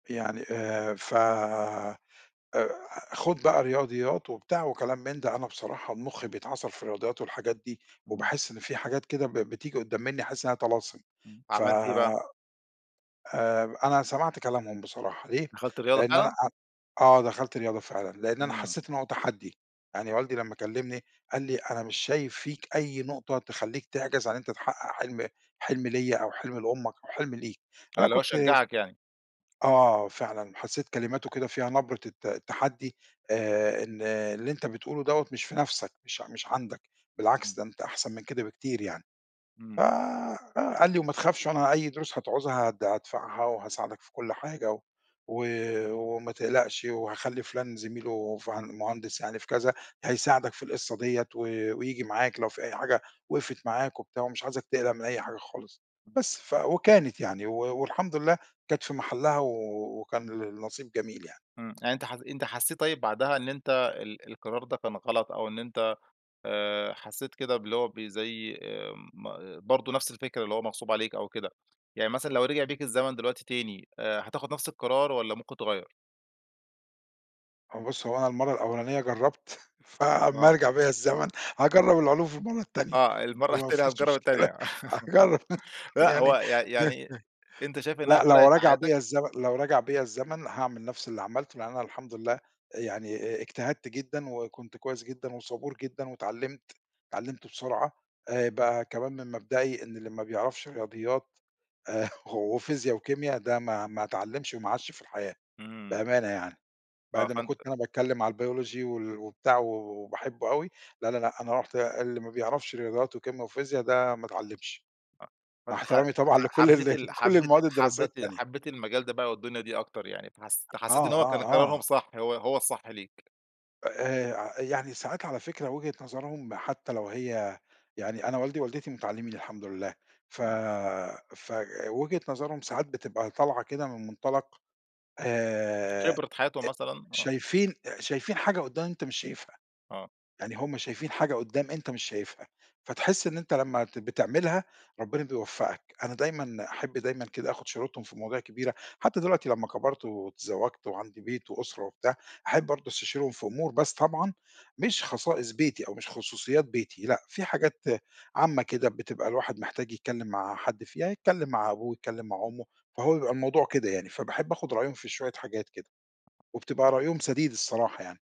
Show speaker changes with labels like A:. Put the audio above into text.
A: يعني آآ ف أ خُد بقى رياضيات وبتاع وكلام من ده، أنا بصراحة مُخّي بَيتعَصَر في الرياضيات والحاجات دي،
B: امم.
A: وباحس إن في حاجات كده ب ب بتيجي قُدام منّي أحس إنّها طلاسم،
B: امم،
A: ف
B: عَمَلت إيه بقى؟
A: آآ أنا سَمَعت كلامهُم بصراحة ليه؟
B: دَخَلت رياضة
A: لأن أنا
B: فعلًا؟
A: أ آه دَخَلت رياضة فعلًا، لأن أنا
B: امم.
A: حسيت إن هو تَحَدّي، يعني والدي لمّا كلمني قال لي أنا مش شايف فيك أي نقطة تخَلّيك تعجَز عن إن أنت تحقق حلم حلم ليّا أو حلم لأُمك أو حلم ليك،
B: آه،
A: أنا
B: اللي هو
A: كُنت
B: شَجَّعَك يعني.
A: آه فعلًا، حسيت كلماتُه كده فيها نبرة الت التحدي، آآ إن اللي أنت بتقولُه دوّة مش في نَفْسَك، مش ع مش عندك،
B: امم.
A: بالعكس ده أنت أحسَن من كده بكتير يعني. ف
B: امم.
A: آآ قال لي وما تخافش، أنا أي دُروس هتعوزها هد هادفَعها، وهاساعدك في كُل حاجة، و وما تقلَقَش، وهاخَلّي فُلان زَميلُه، فهن مهندس يعني في كذا، هيساعدك في القصة ديّة، و وييجي معاك لو في أي حاجة وقَفَت معاك وبتاع، ومش عايزك تقلَق من أي حاجة خالص.
B: امم.
A: بس ف وكانت يعني و والحمد لله كانت في مَحَلّها، و وكان النصيب جميل يعني.
B: امم، يعني أنت حس أنت حَسيت طيب بعدها إن أنت ال ال القرار ده كان غلط، أو إن أنت آآ حَسيت كده باللي هو بي زي آآ ما برضه نَفْس الفكرة، اللي هو مَغصوب عليك أو كده، يعني مثلًا لو رجَع بيك الزمن دلوقتي تاني، آآ هتاخُد نَفْس القرار، والّا ممكن تغَيَّر؟
A: هو بُص، هو أنا المَرّة الأولانية جَرَّبت، ف أمّا
B: آه.
A: يَرجَع بيا الزمن هاجَرب العُلوم في المَرّة التانية،
B: آه المَرّة
A: ما
B: التانية
A: فيش
B: هتجرب
A: مُشكَلة
B: التانية
A: أجَرب
B: لأ
A: يعني
B: هو يع يعني أنت شايف إنّها
A: لأ، لَو
B: فَرَقَت في
A: رَجَع
B: حَياتَك؟
A: بيّا الزمن لَو رجع بيّا الزمن، هاعمَل نَفْس اللي عَمَلتُه، لأن أنا الحمد لله يعني أ أ اجتَهَدت جدًا، وكُنت كويس جدًا، وصبور جدًا، واتعَلَّمت اتعَلَّمت بسرعة آآ بقى كمان من مبدئي إن اللي ما بَيعرَفش رياضيات، وفيزيا وكيميا، ده ما ما اتعلمش وما عاشش في الحياة
B: امم.
A: بأمانة، يعني
B: آه
A: بَعد ما
B: فأنت
A: كُنت أنا باتكلم على الBiology وال وبتاع و و وباحبُّه أوي، لا، لا، لأ، أنا قُلت اللي ما بَيعرَفش رياضيات وكيميا وفيزيا، ده ما اتعلمش،
B: ف
A: مع
B: فأنت ح ح
A: احتَرامي طبعًا
B: ح
A: لكُل ال
B: حَبّيت ال
A: لكُل
B: حَبّيت
A: المواد الدراسية
B: حَبّيت
A: التانية.
B: حَبّيت المجال ده بقى والدُنيا دي أكتر، يعني فحس فحَسيت
A: آه،
B: إن هو كان
A: آه،
B: قرارهُم
A: آه.
B: صح هو هو الصح ليك.
A: آآ ع يعني ساعات على فكرة وُجهة نَظَرهُم، ما حتى لو هي يعني أنا والدي ووالدتي متَعَلّمين الحمد لله، ف
B: آه.
A: فوجهة نَظَرهُم ساعات بتبقى طالعة كده من مُنطَلَق آآ إ
B: خبرَة حَياتُه مثلًا، آه.
A: شايفين شايفين حاجة قُدّام أنت مش شايفها.
B: آه.
A: يعني هُم شايفين حاجة قُدّام أنت مش شايفها، فَتَحسّ إن أنت لمّا ت بتعمَلها ربنا بيوفقك. أنا دايمًا أحَبّ دايمًا كده آخُد شورتهُم في مواضيع كبيرة، حتى دلوقتي لمّا كبَرت وتزَوَّجت وعندي بيت وأُسرَة وبتاع، أحَبّ برضه أستشيرهُم في أُمور، بس طبعًا مش خصائص بيتي أو مش خُصوصيات بيتي، لأ، في حاجات عامة كده بتبقى الواحد محتاج يتكلم مع حد فيها، يتكلم مع أبوه، يتكلم مع أُمُّه. فهو بيبقَى الموضوع كده يعني، فَباحَبّ آخُد رأيهُم في شوية حاجات كده، وبتبقَى رأيهُم سَديد الصراحة يعني.